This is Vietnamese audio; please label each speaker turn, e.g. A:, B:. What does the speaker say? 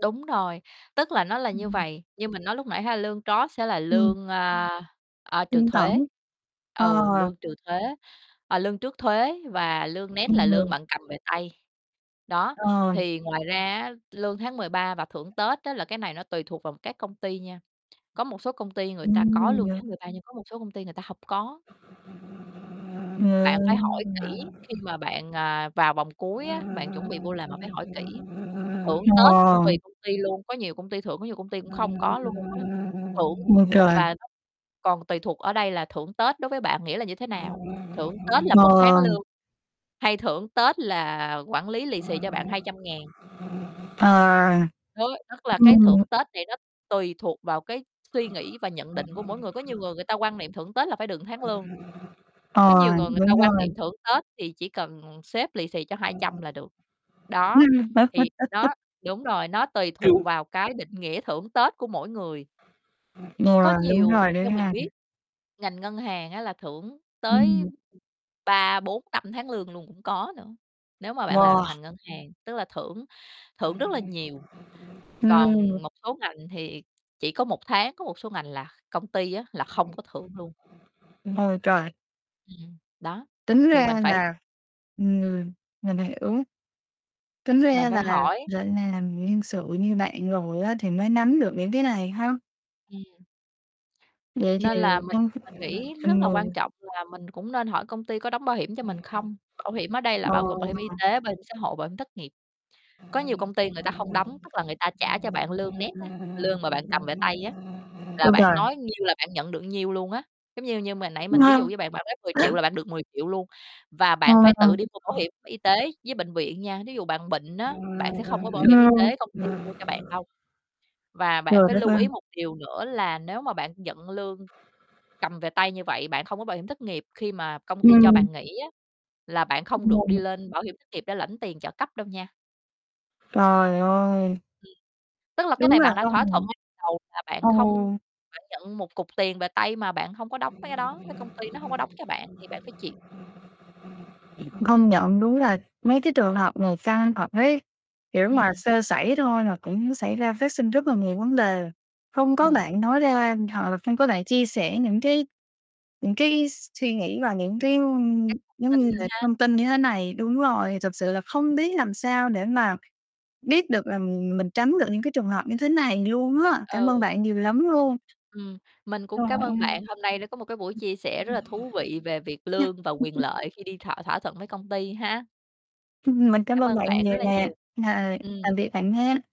A: Đúng rồi. Tức là nó là như
B: Ừm.
A: vầy, như mình nói lúc nãy ha, lương gross sẽ là
B: Ừm.
A: lương, a, a, trừ
B: Kinh tởm.
A: thuế.
B: Ờ.
A: Ừ, lương trừ thuế, ờ, lương trước thuế và lương net là lương
B: Ừm.
A: bạn cầm về tay. Đó,
B: Ờ.
A: thì ngoài ra á, lương tháng 13 và thưởng Tết á, là cái này nó tùy thuộc vào các công ty nha. Có một số công ty người ta có
B: Ừm.
A: lương
B: Yeah.
A: tháng 13 nhưng có một số công ty người ta hông có.
B: À,
A: Bạn phải hỏi
B: ờ.
A: kỹ khi mà bạn, à, vào vòng cuối
B: Ờ.
A: á, bạn chuẩn bị vô làm bạn phải hỏi kỹ. Thưởng Tết cũng tùy công ty luôn, có nhiều công ty thưởng có nhiều công ty cũng không có luôn á. Thưởng
B: Ôi
A: th
B: trời!
A: và nó còn tùy thuộc ở đây là thưởng Tết đối với bạn nghĩa là như thế nào? Thưởng Tết là 1 tháng
B: Ờ.
A: lương, hay thưởng Tết là quản lý lì xì cho bạn 200.000.
B: À.
A: Đó. Tức là cái
B: Ừm.
A: thưởng Tết này nó tùy thuộc vào cái suy nghĩ và nhận định của mỗi người, có nhiều người người ta quan niệm thưởng Tết là phải được tháng lương. Có nhiều
B: Ờ,
A: người người ta
B: đúng
A: quan niệm
B: rồi.
A: thưởng Tết thì chỉ cần sếp lì xì cho 200 là được. Đó,
B: Bác
A: thì
B: [unintelligible] rất
A: đó
B: thích.
A: đúng rồi, nó tùy thuộc
B: [unintelligible]
A: vào cái định nghĩa thưởng Tết của mỗi người. Có
B: Ừ, đúng
A: nhiều,
B: rồi, đấy
A: theo mình
B: ha.
A: biết, ngành ngân hàng á là thưởng tới
B: Ừm.
A: 3, 4, 5 tháng lương luôn, cũng có nữa. Nếu mà bạn làm trong
B: Wow!
A: ngành ngân hàng, tức là thưởng thưởng rất là nhiều,
B: Ừ.
A: còn một số ngành thì chỉ có 1 tháng, có một số ngành là công ty á, là không có thưởng luôn.
B: Ôi trời!
A: Ừm, đó,
B: Tính
A: thì mình
B: ra
A: phải
B: là ừm, người người này ứng tính
A: mình
B: ra
A: phải
B: là,
A: hỏi.
B: gọi làm, nhân sự như bạn rồi á, thì mới nắm được những cái này ha.
A: Ừm.
B: Vậy thì
A: Nên là mình
B: trong
A: mình nghĩ rất
B: từng
A: là
B: người.
A: quan trọng là mình cũng nên hỏi công ty có đóng bảo hiểm cho mình không? Bảo hiểm ở đây là
B: Ờ
A: bao gồm bảo hiểm y
B: ha.
A: tế, bảo hiểm xã hội, bảo hiểm thất nghiệp. Có nhiều công ty người ta hông đóng, tức là người ta trả cho bạn lương net á, lương mà bạn cầm về tay á, là
B: Ôi
A: bạn
B: giời!
A: nói nhiêu là bạn nhận được nhiêu luôn á. Giống như như mà nãy mình ví
B: Ngơ.
A: dụ với bạn, bạn nói 10.000.000 là bạn được 10.000.000 luôn, và
B: Ờ,
A: bạn phải
B: vậy
A: tự đi mua bảo
B: còn
A: hiểm y tế với bệnh viện nha. Thí dụ bạn bệnh
B: Ờ,
A: á, bạn sẽ không có bảo hiểm y
B: ờ.
A: tế công ty mua cho bạn
B: [unintelligible]
A: đâu. Và bạn
B: Trời
A: phải
B: đất
A: lưu
B: ơi!
A: ý một điều nữa là nếu mà bạn nhận lương cầm về tay như vậy, bạn không có bảo hiểm thất nghiệp khi mà công ty cho
B: Ừm.
A: bạn nghỉ á, là bạn không
B: Cũng mờ
A: được đi
B: mịt.
A: lên bảo hiểm thất nghiệp để lãnh tiền trợ cấp đâu nha.
B: Trời ơi!
A: Ừm, tức là cái
B: Đúng
A: này
B: là
A: bạn đã
B: con
A: thỏa thuận
B: người.
A: ngay từ đầu là
B: Ừ.
A: bạn không bạn nhận một cục tiền về tay mà, bạn hông có đóng mấy cái đó, cái công ty nó hông có đóng cho bạn thì bạn phải chịu.
B: Công nhận, đúng là mấy cái trường hợp này căng thật đấy, kiểu, mà
A: Ừm.
B: sơ sẩy thôi là cũng xảy ra phát sinh rất là nhiều vấn đề, không có
A: Ừm.
B: bạn nói ra hoặc là không có bạn chia sẻ những cái những cái s suy nghĩ và những cái, ơ,
A: Các
B: giống như
A: tin
B: là
A: ha.
B: thông tin như thế này đúng rồi, thực sự là
A: Ừm.
B: không biết làm sao để mà biết được là mình mình tránh được những cái trường hợp như thế này luôn á, cảm ơn
A: Ừ.
B: bạn nhiều lắm luôn.
A: Ừm, mình
B: Trời
A: cũng cám
B: ơi!
A: ơn
B: Ừ.
A: bạn, hôm nay đã có một cái buổi chia sẻ rất
B: Ừ.
A: là
B: Nha.
A: thú vị về việc lương và quyền lợi khi đi thỏa thỏa thuận với công ty ha.
B: Ừm. Mình cảm
A: Cảm
B: ơn
A: ơn
B: bạn
A: bạn rất
B: nhiều
A: là
B: nè.
A: nhiều.
B: Ờ,
A: Ừm.
B: tạm biệt bạn nha.